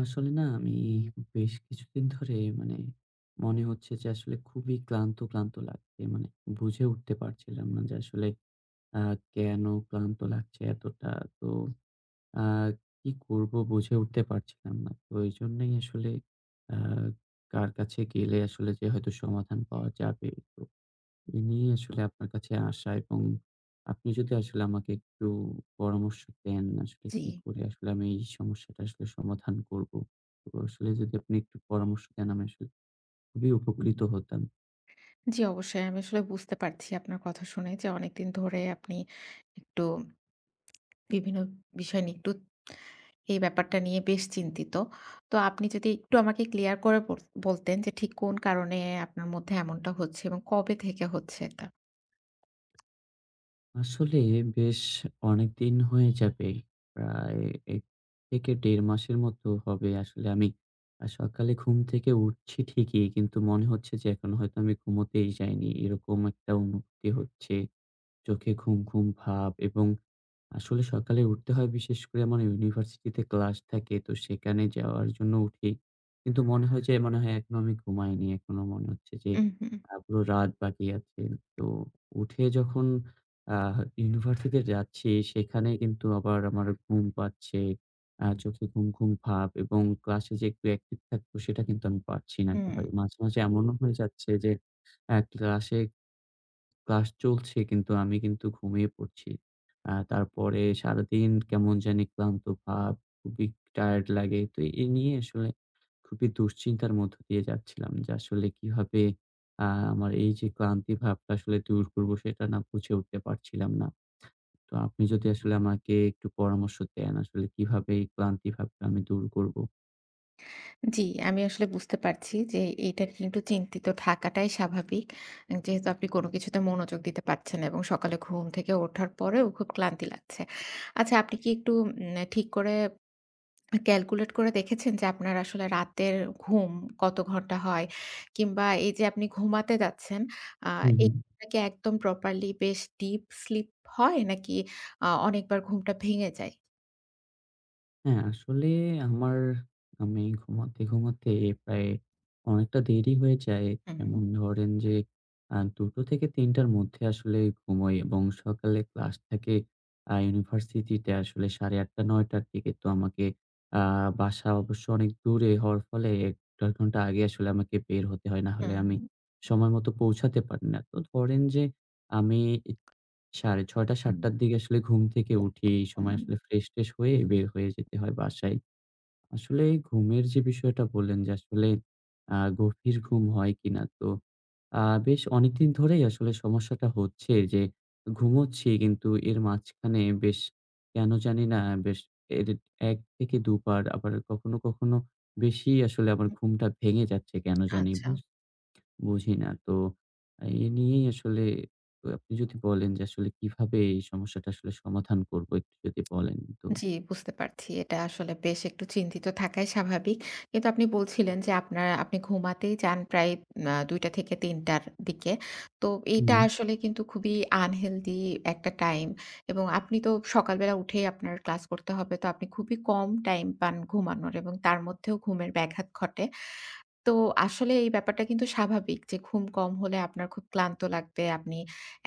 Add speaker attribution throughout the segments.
Speaker 1: আসলে না, আমি বেশ কিছুদিন ধরে, মানে মনে হচ্ছে যে, আসলে খুবই ক্লান্ত, ক্লান্ত লাগছে মানে বুঝে উঠতে পারছিলাম না যে, আসলে আ কেন ক্লান্ত লাগছে এতটা। তো আ কি করব, বুঝে উঠতে পারছিলাম না। তো এইজন্যেই আসলে আ কার কাছে গেলে আসলে যে হয়তো সমাধান পাওয়া যাবে, তো এ নিয়েই আসলে আপনার কাছে আসা। এবং আপনি যদি আসলে আমাকে একটু পরামর্শ দেন, আসলে
Speaker 2: জি।
Speaker 1: কি করে আসলে আমি এই সমস্যাটা আসলে সমাধান করব। তো আসলে যদি আপনি একটু পরামর্শ দেন, আমি আসলে খুবই উপকৃত হতাম।
Speaker 2: জি, অবশ্যই। আমি আসলে বুঝতে পারছি, আপনার কথা শুনে, যে অনেকদিন ধরে আপনি একটু বিভিন্ন বিষয় নিয়ে একটু এই ব্যাপারটা নিয়ে বেশ চিন্তিত। তো আপনি যদি একটু আমাকে ক্লিয়ার করে বল বলতেন যে, ঠিক কোন কারণে আপনার মধ্যে এমনটা হচ্ছে এবং কবে থেকে হচ্ছে এটা?
Speaker 1: আসলে বেশ অনেকদিন হয়ে যাবে। প্রায় ১ থেকে ১.৫ মাসের মতো হবে। আসলে আমি আ সকালে ঘুম থেকে উঠছি ঠিকই। কিন্তু মনে হচ্ছে যে, এখনো হয়তো আমি ঘুমুতেই যাইনি। এরকম একটা অনুভূতি হচ্ছে। চোখে ঘুম, ঘুম ভাব। এবং আসলে সকালে উঠতে হয় বিশেষ করে আমার ইউনিভার্সিটিতে ক্লাস থাকে। তো সেখানে যাওয়ার জন্য উঠি। কিন্তু মনে হয় যে, মনে হয় এখনো আমি ঘুমাইনি। এখনো মনে হচ্ছে যে
Speaker 2: হুম, হুম।
Speaker 1: আ পুরো রাত বাকি আছে। তো উঠে যখন আ ইউনিভার্সিটি তে যাচ্ছি, সেখানে কিন্তু আবার আমার ঘুম পাচ্ছে। আ চোখে ঘুম, ঘুম ভাব। এবং ক্লাসে যে একটু অ্যাকটিভ থাকবো, সেটা কিন্তু আমি পারছি না
Speaker 2: হুম।
Speaker 1: এককথায়। মাঝে, মাঝে এমনও হয়ে যাচ্ছে যে, এ ক্লাসে, ক্লাস চলছে। কিন্তু আমি কিন্তু ঘুমিয়ে পড়ছি। আ তারপরে সারাদিন কেমন জানি ক্লান্ত ভাব। খুবই টায়ারড লাগে। তো এই নিয়ে আসলে খুবই দুশ্চিন্তার মধ্য দিয়ে যাচ্ছিলাম। যে আসলে কিভাবে আ আমার এই যে ক্লান্তি ভাবটা আসলে দূর করব, সেটা না বুঝে উঠতে পারছিলাম না। তো আপনি যদি আসলে আমাকে একটু পরামর্শ দেন, আসলে কিভাবে এই ক্লান্তি ভাবটা আমি দূর করব?
Speaker 2: জি, আমি আসলে বুঝতে পারছি যে এইটা কিন্তু চিন্তিত থাকাটাই স্বাভাবিক। যেহেতু আপনি কোন কিছুতে মনোযোগ দিতে পারছেন না এবং সকালে ঘুম থেকে উঠার পরেও খুব ক্লান্তি লাগছে। আচ্ছা আপনি কি একটু উম ঠিক করে, ক্যালকুলেট করে দেখেছেন যে আপনার আসলে রাতের ঘুম কত ঘন্টা হয় কিংবা এইযে আপনি ঘুমাতে যাচ্ছেন আ
Speaker 1: হু, হু।
Speaker 2: এটা কি একদম প্রপারলি বেশ ডিপ স্লিপ হয় নাকি আ অনেকবার ঘুমটা ভেঙে যায়?
Speaker 1: হ্যাঁ, আসলে আমার আমি ঘুমাতে, ঘুমাতে প্রায় অনেকটা দেরি হয়ে যায়।
Speaker 2: উহু।
Speaker 1: যেমন ধরেন যে, আ ২ টো থেকে ৩ টার মধ্যে আসলে ঘুমোই এবং সকালে ক্লাস থাকে। আ ইউনিভার্সিটিতে আসলে ৮ঃ৩০ টা ৯ টার থেকে তো আমাকে আ বাসা অবশ্য অনেক দূরে হওয়ার ফলে ১-১.৫ ঘণ্টা আগে আসলে আমাকে বের হতে হয়। নাহলে আমি
Speaker 2: উহু।
Speaker 1: সময় মতো পৌঁছাতে পারি না। তো ধরেন যে, আমি ৬ঃ৩০ টা ৭
Speaker 2: হুম।
Speaker 1: টার দিকে আসলে ঘুম থেকে উঠি, এই সময় আসলে
Speaker 2: উম
Speaker 1: ফ্রেশ-ট্রেশ হয়ে বের হয়ে যেতে হয় বাসায়। আসলে ঘুমের যে বিষয়টা বললেন যে আসলে আ গভীর ঘুম হয় কিনা? তো, আ বেশ অনেকদিন ধরেই আসলে সমস্যাটা হচ্ছে যে, ঘুমোচ্ছি কিন্তু এর মাঝখানে বেশ, কেন জানি না বেশ, এডিট ১ থেকে ২ বার আবার কখনো, কখনো বেশিই আসলে আমার
Speaker 2: হু।
Speaker 1: ঘুমটা ভেঙে যাচ্ছে কেন জানি
Speaker 2: আচ্ছা।
Speaker 1: বুঝ বুঝি না। তো এ নিয়েই আসলে আ আপনি যদি বলেন যে আসলে কিভাবে এই সমস্যাটা আসলে সমাধান করব একটু যদি বলেন তো?
Speaker 2: জি, বুঝতে পারছি। এটা আসলে বেশ একটু চিন্তিত থাকাই স্বাভাবিক। কিন্তু আপনি বলছিলেন যে আপনার, আপনি ঘুমাতেই যান প্রায় আ ২ টা থেকে ৩ টার দিকে। তো এইটা
Speaker 1: হুম।
Speaker 2: আসলে কিন্তু খুবই আনহেলদি একটা টাইম এবং আপনি তো সকালবেলা উঠেই আপনার ক্লাস করতে হবে, তো আপনি খুবই কম টাইম পান ঘুমানোর এবং তার মধ্যেও ঘুমের ব্যাঘাত ঘটে। তো আসলে এই ব্যাপারটা কিন্তু স্বাভাবিক যে ঘুম কম হলে আপনার খুব ক্লান্ত লাগবে। আপনি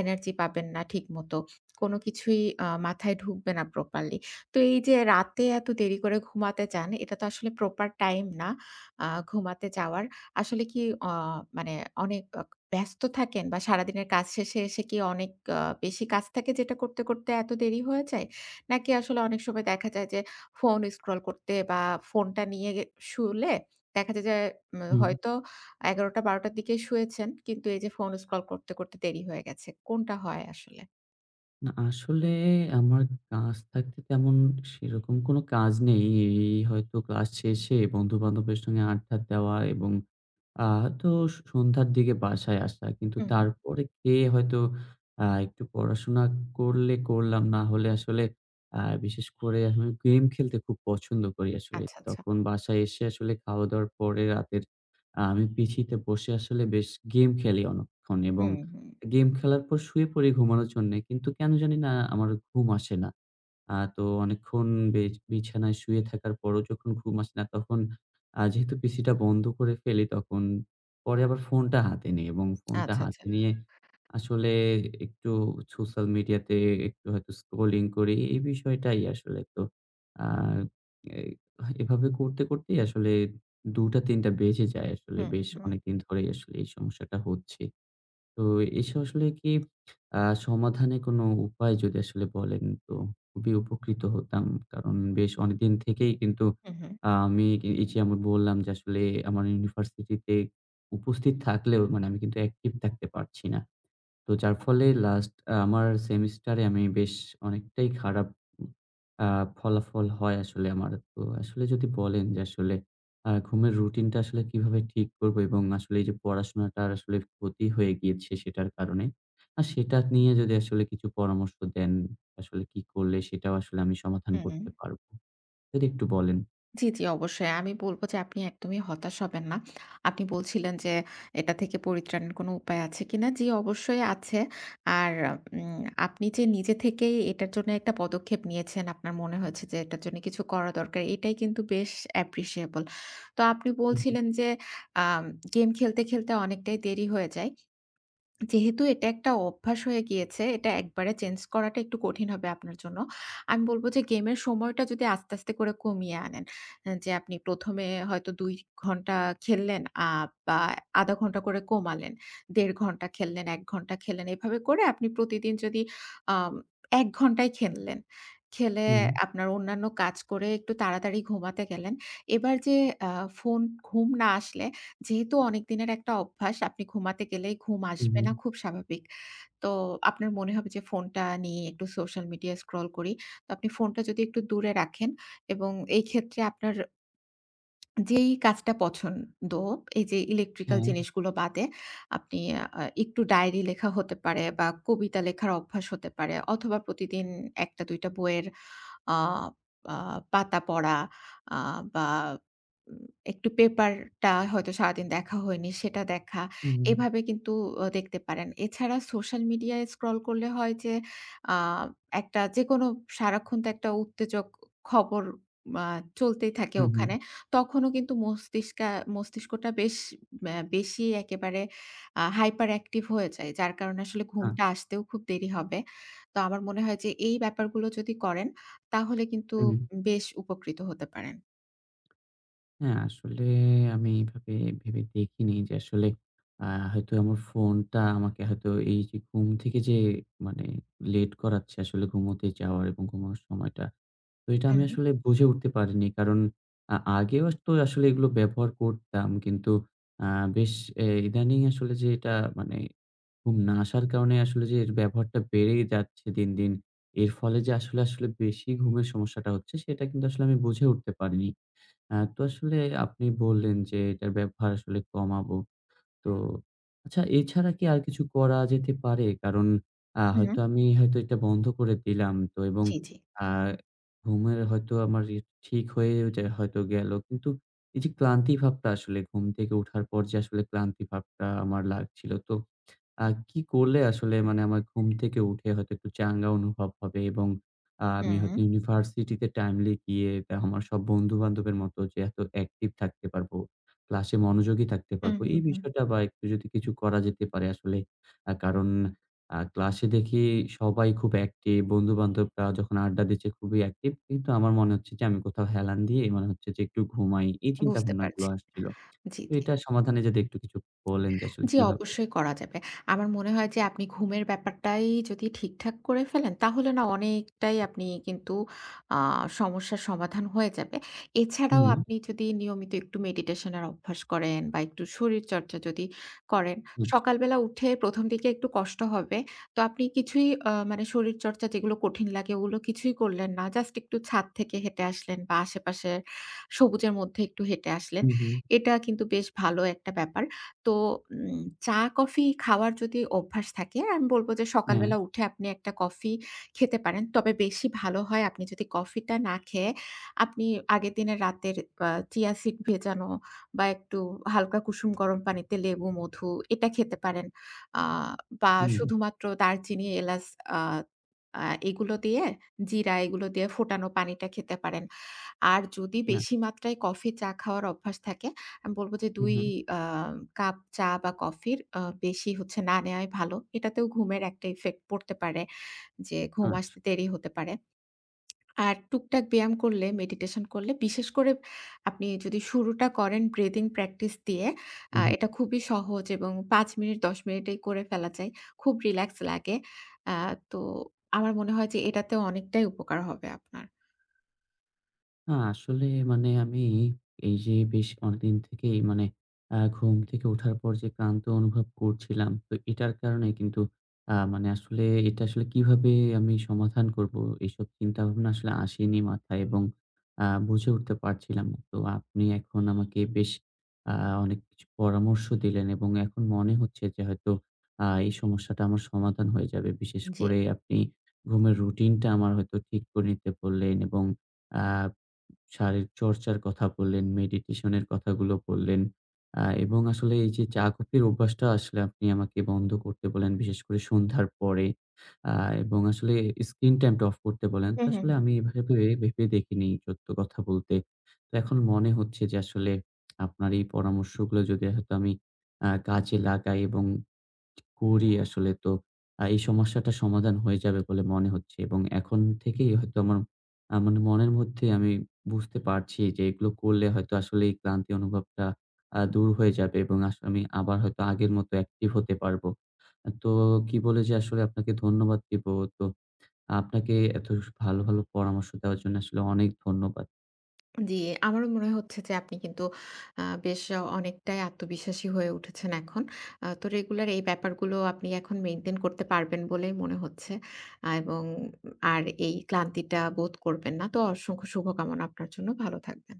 Speaker 2: এনার্জি পাবেন না ঠিক মত। কোন কিছুই আ মাথায় ঢুকবে না প্রপারলি। তো এইযে রাতে এত দেরি করে ঘুমাতে যান এটাতো আসলে প্রপার টাইম না। আ ঘুমাতে যাওয়ার। আসলে কি অ মানে অনেক অক ব্যস্ত থাকেন বা সারাদিনের কাজ শেষে এসে কি অনেক অ বেশি কাজ থাকে যেটা করতে, করতে এত দেরি হয়ে যায়? নাকি আসলে অনেক সময় দেখা যায় যে, ফোন স্ক্রল করতে বা ফোনটা নিয়ে গে শুলে দেখা যায় যে, উম
Speaker 1: হুম।
Speaker 2: হয়তো ১১ টা ১২ টার দিকে শুয়েছেন। কিন্তু এইযে ফোন স্ক্রল করতে, করতে দেরি হয়ে গেছে। কোনটা হয় আসলে?
Speaker 1: না আসলে আমার কাজ থাকতে তেমন সেরকম কোন কাজ নেই। এই হয়তো ক্লাস শেষে বন্ধুবান্ধবের সঙ্গে আড্ডা দেওয়া এবং আ হয়তো সন্ধ্যার দিকে বাসায় আসা। কিন্তু
Speaker 2: হু, হু।
Speaker 1: তারপরে খেয়ে হয়তো আ একটু পড়াশোনা করলে করলাম, না হলে আসলে আ বিশেষ করে আমি গেম খেলতে খুব পছন্দ করি আসলে।
Speaker 2: আচ্ছা, আচ্ছা।
Speaker 1: তখন বাসায় এসে আসলে খাওয়া-দাওয়ার পরে রাতের আমি পিসিতে বসে আসলে বেশ গেম খেলি অনেকক্ষণ
Speaker 2: হু,
Speaker 1: এবং
Speaker 2: হু।
Speaker 1: গেম খেলার পর শুয়ে পড়ি ঘুমানোর জন্যে। কিন্তু কেন জানি না আমার ঘুম আসে না। আ তো অনেকক্ষণ বে বিছানায় শুয়ে থাকার পরও যখন ঘুম আসে না তখন আ যেহেতু পিসি টা বন্ধ করে ফেলি তখন পরে আবার ফোনটা হাতে নেই, এবং ফোনটা
Speaker 2: আচ্ছা, আচ্ছা।
Speaker 1: হাতে নিয়ে আসলে একটু সোশ্যাল মিডিয়াতে একটু হয়তো স্ক্রলিং করি, এই বিষয়টাই আসলে। তো আ এই এভাবে করতে করতেই আসলে ২ টা ৩ টা বেজে যায় আসলে
Speaker 2: হু,
Speaker 1: বেশ
Speaker 2: হু।
Speaker 1: অনেকদিন ধরেই আসলে এই সমস্যাটা হচ্ছে। তো এসে আসলে কি আ সমাধানের কোন উপায় যদি আসলে বলেন তো খুবই উপকৃত হতাম। কারণ বেশ অনেকদিন থেকেই কিন্তু
Speaker 2: হু, হু।
Speaker 1: আ আমি এই যে আমি বললাম যে আসলে আমার ইউনিভার্সিটি তে উপস্থিত থাকলেও মানে আমি কিন্তু অ্যাকটিভ থাকতে পারছি না। তো যার ফলে লাস্ট আমার সেমিস্টারে আমি বেশ অনেকটাই খারাপ আ ফলাফল হয় আসলে আমার তো আসলে যদি বলেন যে আসলে আ ঘুমের রুটিন টা আসলে কিভাবে ঠিক করব এবং আসলে এই যে পড়াশোনাটা আসলে ক্ষতি হয়ে গিয়েছে, সেটার কারণে। আর সেটা নিয়ে যদি আসলে কিছু পরামর্শ দেন আসলে কি করলে সেটাও আসলে আমি সমাধান
Speaker 2: হুম।
Speaker 1: করতে পারব। যদি একটু বলেন।
Speaker 2: জ্বি, জ্বি অবশ্যই। আমি বলব যে আপনি একদমই হতাশ হবেন না। আপনি বলছিলেন যে এটা থেকে পরিত্রাণের কোন উপায় আছে কিনা। জ্বি অবশ্যই আছে। আর উম আপনি যে নিজে থেকেই এটার জন্য একটা পদক্ষেপ নিয়েছেন আপনার মনে হয়েছে যে এটার জন্য কিছু করা দরকার এটাই কিন্তু বেশ অ্যাপ্রিশিয়েবল। তো আপনি
Speaker 1: হু, হু।
Speaker 2: বলছিলেন যে আম গেম খেলতে, খেলতে অনেকটাই দেরি হয়ে যায়। যেহেতু এটা একটা অভ্যাস হয়ে গিয়েছে। এটা একবারে চেঞ্জ করাটা একটু কঠিন হবে আপনার জন্য। আমি বলব যে গেমের সময়টা যদি আস্তে, আস্তে করে কমিয়ে আনেন। যে আপনি ১ম এ হয়তো ২ ঘণ্টা খেললেন আ বা ০.৫ ঘণ্টা করে কমালেন। ১.৫ ঘণ্টা খেললেন, ১ ঘণ্টা খেললেন এভাবে করে আপনি প্রতিদিন যদি আম ১ ঘণ্টায় খেললেন। খেলে
Speaker 1: হুম।
Speaker 2: আপনার অন্যান্য কাজ করে একটু তাড়াতাড়ি ঘুমাতে গেলেন। এবার যে আ ফোন ঘুম না আসলে যেহেতু অনেকদিনের একটা অভ্যাস আপনি ঘুমাতে গেলেই ঘুম
Speaker 1: হুম,
Speaker 2: আসবে
Speaker 1: হুম।
Speaker 2: না খুব স্বাভাবিক। তো, আপনার মনে হবে যে ফোনটা নিয়ে একটু সোশ্যাল মিডিয়া স্ক্রল করি। তো আপনি ফোনটা যদি একটু দূরে রাখেন, এবং এই ক্ষেত্রে আপনার যেই কাজটা পছন্দ এই যে ইলেকট্রিক্যাল
Speaker 1: হ্যাঁ।
Speaker 2: জিনিসগুলো বাদে, আপনি আ একটু ডায়েরি লেখা হতে পারে বা কবিতা লেখার অভ্যাস হতে পারে অথবা প্রতিদিন ১ টা ২ টা বইয়ের আ আ পাতা পড়া আ বা একটু পেপার টা হয়তো সারাদিন দেখা হয়নি সেটা দেখা।
Speaker 1: হুম।
Speaker 2: এভাবে কিন্তু আ দেখতে পারেন। এছাড়া সোশ্যাল মিডিয়ায় স্ক্রল করলে হয় যে আ একটা যেকোনো সারাক্ষণ তো একটা উত্তেজক খবর আ চলতেই থাকে
Speaker 1: হুম, হুম।
Speaker 2: ওখানে। তখনও কিন্তু মস্তিষ্কে মস্তিষ্কটা বেশ বেশি একেবারে আ হাইপার অ্যাক্টিভ হয়ে যায়। যার কারণে আসলে ঘুমটা
Speaker 1: আচ্ছা।
Speaker 2: আসতেও খুব দেরি হবে। তো আমার মনে হয় যে এই ব্যাপারগুলো যদি করেন তাহলে কিন্তু
Speaker 1: হু, হুম।
Speaker 2: বেশ উপকৃত হতে পারেন।
Speaker 1: হ্যাঁ, আসলে আমি এভাবে ভেবে দেখিনি যে আসলে, অ্যা হয়তো আমার ফোনটা আমাকে হয়তো এই যে ঘুম থেকে যে মানে, লেট করাচ্ছে আসলে ঘুমোতে যাওয়ার এবং ঘুমানোর সময়টা। তো এটা আমি
Speaker 2: হুম,
Speaker 1: আসলে বুঝে উঠতে পারিনি। কারণ, আ আগেও তো আসলে এগুলো ব্যবহার করতাম কিন্তু, অ্যা বেশ এ ইদানিং আসলে যে এটা মানে ঘুম না আসার কারণে আসলে যে এর ব্যবহারটা বেড়ে যাচ্ছে দিন, দিন। এর ফলে যে আসলে, আসলে, বেশি ঘুমের সমস্যাটা হচ্ছে সেটা কিন্তু আসলে আমি বুঝে উঠতে পারিনি। অ্যা তো আসলে আপনি বললেন যে এটার ব্যবহার আসলে কমাবো। তো আচ্ছা, এছাড়া কি আর কিছু করা যেতে পারে? কারণ আ
Speaker 2: হুউ।
Speaker 1: হয়তো আমি হয়তো এটা বন্ধ করে দিলাম তো এবং
Speaker 2: জ্বী, জ্বী।
Speaker 1: অ্যা ঘুমের হয়তো আমার ই ঠিক হয়ে ও যা হয়তো গেলো। কিন্তু, এই যে ক্লান্তি ভাবটা আসলে ঘুম থেকে উঠার পর যে আসলে ক্লান্তি ভাবটা আমার লাগছিল। তো, আ কি করলে আসলে মানে আমার ঘুম থেকে উঠে হয়তো একটু চাঙ্গা অনুভব হবে? এবং আ আমি হয়তো
Speaker 2: হুম।
Speaker 1: ইউনিভার্সিটি তে টাইমলি গিয়ে আমার সব বন্ধু-বান্ধবের মতো যে এত অ্যাকটিভ থাকতে পারবো, ক্লাসে মনোযোগী থাকতে
Speaker 2: হু,
Speaker 1: পারবো।
Speaker 2: হু,
Speaker 1: এই
Speaker 2: হু।
Speaker 1: বিষয়টা বা একটু যদি কিছু করা যেতে পারে আসলে, আ কারণ আ ক্লাসে দেখি সবাই খুব অ্যাকটিভ। বন্ধু-বান্ধবরা যখন আড্ডা দিচ্ছে খুবই অ্যাকটিভ। কিন্তু আমার মনে হচ্ছে যে আমি কোথাও হেলান দিয়ে মনে হচ্ছে যে একটু ঘুমাই। এই
Speaker 2: বুঝতে
Speaker 1: চিন্তাভাবনাগুলো
Speaker 2: পারছি।
Speaker 1: আসছিল।
Speaker 2: জ্বী,
Speaker 1: তো
Speaker 2: জ্বী।
Speaker 1: এটার সমাধানে যদি একটু কিছু বলেন যে আসলে
Speaker 2: জ্বী,
Speaker 1: কিভাবে?
Speaker 2: অবশ্যই করা যাবে। আমার মনে হয় যে আপনি ঘুমের ব্যাপারটাই যদি ঠিক-ঠাক করে ফেলেন, তাহলে না অনেকটাই আপনি কিন্তু আ সমস্যার সমাধান হয়ে যাবে। এছাড়াও
Speaker 1: হুম।
Speaker 2: আপনি যদি নিয়মিত একটু মেডিটেশন এর অভ্যাস করেন বা একটু শরীরচর্চা যদি করেন,
Speaker 1: হু।
Speaker 2: সকালবেলা উঠে প্রথম দিকে একটু কষ্ট হবে। তো আপনি কিছুই আ মানে শরীরচর্চা যেগুলো কঠিন লাগে ওগুলো কিছুই করলেন না। জাস্ট একটু ছাদ থেকে হেঁটে আসলেন বা আশেপাশে সবুজের মধ্যে একটু হেঁটে আসলেন।
Speaker 1: হুম, হুম।
Speaker 2: এটা কিন্তু বেশ ভালো একটা ব্যাপার। তো উম চা কফি খাওয়ার যদি অভ্যাস থাকে, আমি বলব যে
Speaker 1: অ্যাঁ
Speaker 2: সকালবেলা উঠে আপনি একটা কফি খেতে পারেন। তবে বেশি ভালো হয় আপনি যদি কফি টা না খেয়ে আপনি আগের দিনে রাতের আ চিয়া সিড ভেজানো বা একটু হালকা কুসুম গরম পানিতে লেবু মধু এটা খেতে পারেন। আ বা
Speaker 1: হুম।
Speaker 2: শুধুমাত্র দারচিনি, এলাচ আ আ এগুলো দিয়ে, জিরা এগুলো দিয়ে ফোটানো পানিটা খেতে পারেন। আর যদি
Speaker 1: নাহ।
Speaker 2: বেশি মাত্রায় কফি চা খাওয়ার অভ্যাস থাকে, আমি বলব যে
Speaker 1: হু,
Speaker 2: ২
Speaker 1: হু।
Speaker 2: আ কাপ চা বা কফির আ বেশি হচ্ছে না নেওয়াই ভালো। এটাতেও ঘুমের একটা ইফেক্ট পড়তে পারে। যে ঘুম
Speaker 1: আচ্ছা।
Speaker 2: আসতে দেরি হতে পারে। আর টুকটাক ব্যায়াম করলে মেডিটেশন করলে বিশেষ করে আপনি যদি শুরুটা করেন ব্রিদিং প্র্যাকটিস দিয়ে,
Speaker 1: হু,
Speaker 2: আ
Speaker 1: হু।
Speaker 2: এটা খুবই সহজ এবং ৫ মিনিট ১০ মিনিটেই করে ফেলা যায়। খুব রিল্যাক্স লাগে। আ তো আমার মনে হয় যে এটাতে অনেকটাই উপকার হবে আপনার।
Speaker 1: না, আসলে মানে আমি এই এই যে বেশ অনেকদিন থেকেই, মানে আ ঘুম থেকে ওঠার পর যে ক্লান্ত অনুভব করছিলাম, তো এটার কারণে কিন্তু আ মানে আসলে এটা আসলে কিভাবে আমি সমাধান করব, এসব চিন্তাভাবনা আসলে আসেনি মাথায়। এবং আ বুঝে উঠতে পারছিলাম না। তো আপনি এখন আমাকে বেশ আ অনেক কিছু পরামর্শ দিলেন। এবং এখন মনে হচ্ছে যে, হয়তো আ এই সমস্যাটা আমার সমাধান হয়ে যাবে। বিশেষ
Speaker 2: জি।
Speaker 1: করে আপনি ঘুমের রুটিন টা আমার হয়তো ঠিক করে নিতে বললেন। এবং আ শারীরিক চর্চার কথা বললেন, মেডিটেশন এর কথাগুলো বললেন। আ এবং আসলে এই যে চা-কফির অভ্যাসটা, আসলে আপনি আমাকে বন্ধ করতে বললেন। বিশেষ করে সন্ধ্যার পরে। আ এবং আসলে স্ক্রিন টাইম টা অফ করতে বললেন।
Speaker 2: হু,
Speaker 1: তো
Speaker 2: হু,
Speaker 1: আসলে
Speaker 2: হু।
Speaker 1: আমি এভাবে ভেবে দেখিনি, সত্য কথা বলতে। তো এখন মনে হচ্ছে যে, আসলে আপনার এই পরামর্শগুলো যদি হয়তো আমি আ কাজে লাগাই এবং করি আসলে, তো আ এই সমস্যাটা সমাধান হয়ে যাবে বলে মনে হচ্ছে। এবং এখন থেকেই হয়তো আমার, আ মানে মনের মধ্যেই আমি বুঝতে পারছি যে, এগুলো করলে হয়তো আসলে এই ক্লান্তি অনুভবটা আ দূর হয়ে যাবে। এবং আসলে আমি আবার হয়তো আগের মতো অ্যাকটিভ হতে পারবো। তো কি বলে যে, আসলে আপনাকে ধন্যবাদ দিব। তো আপনাকে এত ভালো, ভালো পরামর্শ দেওয়ার জন্য, আসলে অনেক ধন্যবাদ।
Speaker 2: জি, আমারও মনে হচ্ছে যে আপনি কিন্তু আ বেশ অনেকটাই আত্মবিশ্বাসী হয়ে উঠেছেন এখন। আ তো রেগুলার এই ব্যাপারগুলো আপনি এখন মেইনটেইন করতে পারবেন বলেই মনে হচ্ছে। এবং আর এই ক্লান্তিটা বোধ করবেন না। তো অসংখ্য শুভকামনা আপনার জন্য, ভালো থাকবেন।